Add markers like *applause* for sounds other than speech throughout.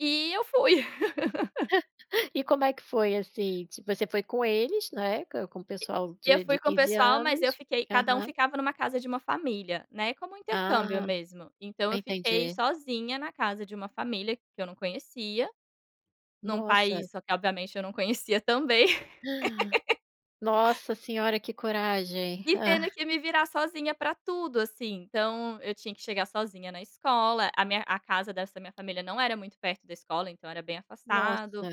E eu fui. *laughs* *chuckles* E como é que foi? Assim, tipo, a você foi com eles, né, com com o pessoal E eu de de fui com o 15 pessoal mas eu anos. fiquei cada um Aham. ficava em uma casa de uma família, né, como um intercâmbio Ah. mesmo. Então, eu fiquei Entendi. sozinha na casa de uma família que eu não conhecia, num Nossa. país, só que obviamente eu não conhecia, também. *gasps* *laughs* Nossa Senhora, que coragem! E Hã. tendo que me virar sozinha para tudo, assim. Então, eu tinha que chegar sozinha na escola, a minha a casa dessa da minha família não era muito perto da escola, então, era bem Nossa! afastado.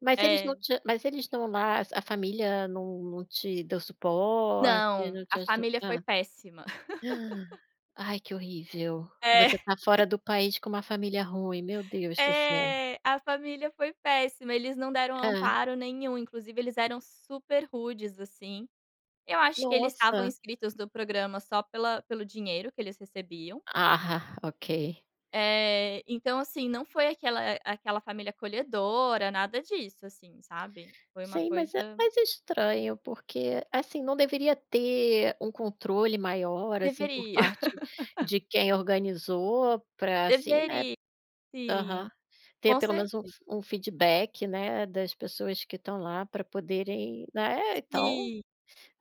Mas eles não É. te mas eles não lá a família não não te deu suporte, Não. não te A aju família foi Hã. péssima. *chuckles* *gasps* Ai, que horrível! É. Você está fora *chuckles* do país com uma família ruim, meu Deus do céu! É. A família foi péssima, eles não deram Hã. amparo nenhum. Inclusive, eles eram super rudes, assim. Eu acho que eles estavam Nossa! inscritos no programa só pela pelo dinheiro que eles recebiam. Ah, ok. Eh, então, assim, não foi aquela aquela família acolhedora, nada disso assim, sabe. Foi uma Sim. coisa Mas é mas é estranho, porque, assim, não deveria ter um controle maior, assim, por Deveria. parte *laughs* de quem organizou para, assim, né Deveria. Sim, Aham. Ter com pelo menos um certeza. f um feedback, né, das pessoas que estão lá para poderem, né, então Sim.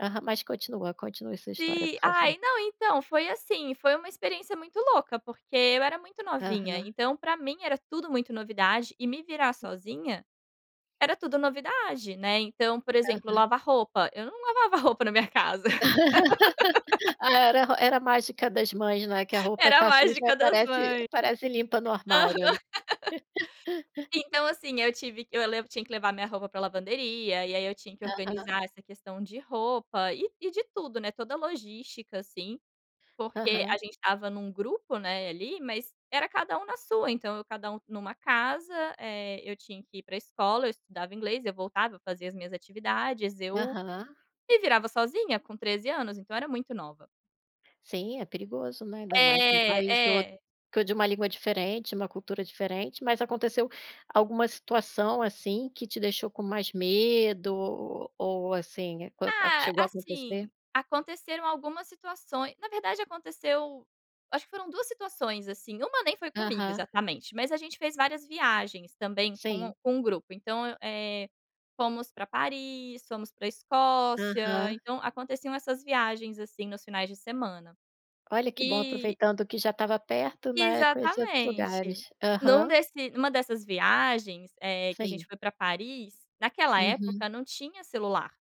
Aham. Mas continua, continue essa história, Sim. por favor. Ai, não, então, foi assim, foi uma experiência muito louca, porque eu era muito novinha. Aham. Então, para mim era tudo muito novidade, e me virar sozinha, era tudo novidade, né. Então, por exemplo, Aham. lavar roupa, eu não lavava roupa na minha casa. *laughs* *laughs* A era ro era a mágica das mães, né, que a roupa Era a está suja e mágica das aparece mães. aparece limpa no Aham. armário. *laughs* *laughs* Então, assim, eu tive que eu levo tinha que levar a minha roupa para lavanderia, e aí eu tinha que Aham. organizar essa questão de roupa e e de tudo, né, toda a logística, assim. Porque Aham. a gente estava em um grupo, né, ali, mas era cada um na sua. Então, eu cada um em uma casa, eh, eu tinha que ir para escola, eu estudava inglês, eu voltava, fazia as minhas atividades, eu, Aham. me virava sozinha com 13 anos, então, era muito nova. Sim, é perigoso, né. Ainda mais em um país É. outro É. com de uma língua diferente, uma cultura diferente. Mas aconteceu alguma situação assim, que te deixou com mais medo? O ou assim com a com a Ah, chegou a acontecer? assim, aconteceram algumas situaçõ na verdade aconteceu acho que foram 2 situações assim, uma nem foi comigo Aham. exatamente. Mas a gente fez várias viagens, também, com Sim. com o grupo. Então, eu eh, fomos para Paris, fomos para Escócia, Aham. então, aconteciam essas viagens, assim, nos finais de semana. Olha, que bom, E aproveitando que já estava perto, né, conhecer outros Exatamente. lugares. Num Aham. desse numa dessas viagens, eh, que a Sim. gente foi para Paris, naquela Uhum. época não tinha celular.